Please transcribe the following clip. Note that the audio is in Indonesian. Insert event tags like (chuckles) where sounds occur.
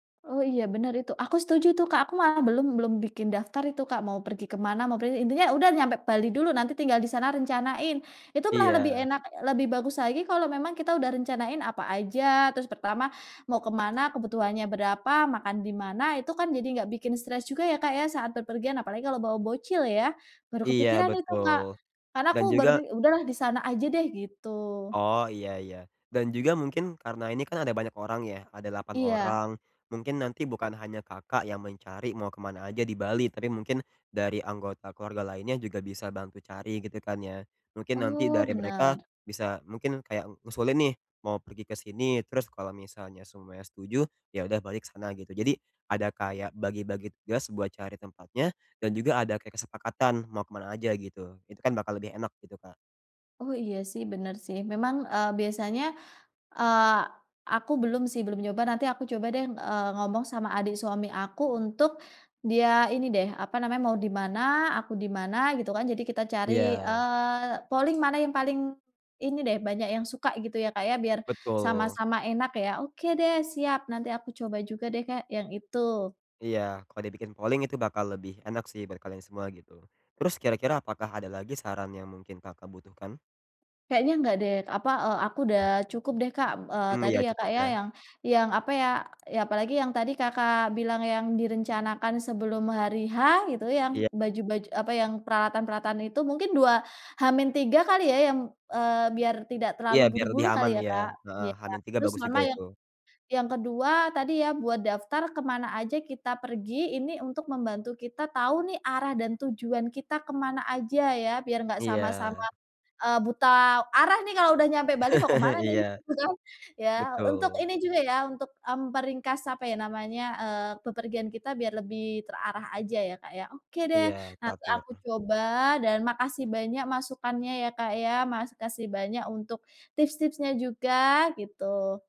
Oh iya bener itu, aku setuju tuh Kak, aku mah belum belum bikin daftar itu Kak, mau pergi ke mana, mau pergi intinya udah nyampe Bali dulu, nanti tinggal di sana rencanain, itu malah lebih Iya. enak lebih bagus lagi kalau memang kita udah rencanain apa aja, terus pertama mau ke mana, kebutuhannya berapa, makan di mana, itu kan jadi nggak bikin stres juga ya Kak, ya, saat berpergian apalagi kalau bawa bocil ya, baru Iya kepikiran itu Kak, betul, karena dan aku baru juga udah lah di sana aja deh, gitu. Oh iya iya. Dan juga mungkin karena ini kan ada banyak orang ya, ada 8 Iya. orang. Mungkin nanti bukan hanya Kakak yang mencari mau ke mana aja di Bali, tapi mungkin dari anggota keluarga lainnya juga bisa bantu cari gitu kan ya. Mungkin nanti Oh, dari mereka benar. bisa mungkin kayak ngusulin nih mau pergi ke sini, terus kalau misalnya semuanya setuju, ya udah balik sana, gitu jadi ada kayak bagi-bagi tugas buat cari tempatnya dan juga ada kayak kesepakatan mau ke mana aja gitu, itu kan bakal lebih enak gitu, Kak. Oh, iya sih, bener sih, memang, eee, biasanya, eee aku belum sih belum nyoba, nanti aku coba deh, eee, ngomong sama adik suami aku, untuk dia ini deh, apa namanya, mau di mana, aku di mana, gitu kan. Jadi kita cari, Iya. eee, polling mana yang paling ini deh, banyak yang suka, gitu ya, kayak biar Betul. sama-sama enak ya. Oke deh, siap, nanti aku coba juga deh kayak yang itu. Iya. Kalau dibikin polling itu bakal lebih enak sih buat kalian semua, gitu. Terus kira-kira, apakah ada lagi saran yang mungkin Kakak butuhkan? Kayaknya nggak deh, apa, eee, aku udah cukup deh Kak, eee, Mmm, tadi iya ya Kak cukup ya, ya. yang yang, apa ya, ya apalagi yang tadi Kakak bilang yang direncanakan sebelum hari H, gitu, yang Iya. baju-baju apa yang peralatan-peralatan itu, mungkin 2 H-3 kali ya, eee, biar tidak Iya, terlalu biar lebih buru-buru kali aman, ya ya. Kak? Heeh, Iya. H-3 Terus bagus sama juga yang itu. yang ke-2 tadi, ya buat daftar ke mana aja kita pergi, ini untuk membantu kita tahu nih arah dan tujuan kita ke mana aja ya, biar nggak sama-sama, Iya. eee, buta arah nih kalau udah nyampe Bali, mau ke mana (chuckles) gitu Iya. kan. Ya untuk Betul. ini juga ya, untuk, mmm, peringkas apa ya namanya, eee, bepergian kita biar lebih terarah aja ya Kak ya, oke deh, Iya nanti aku kapur. coba dan makasih banyak masukannya ya Kak ya, makasih banyak untuk tips-tipsnya juga, gitu.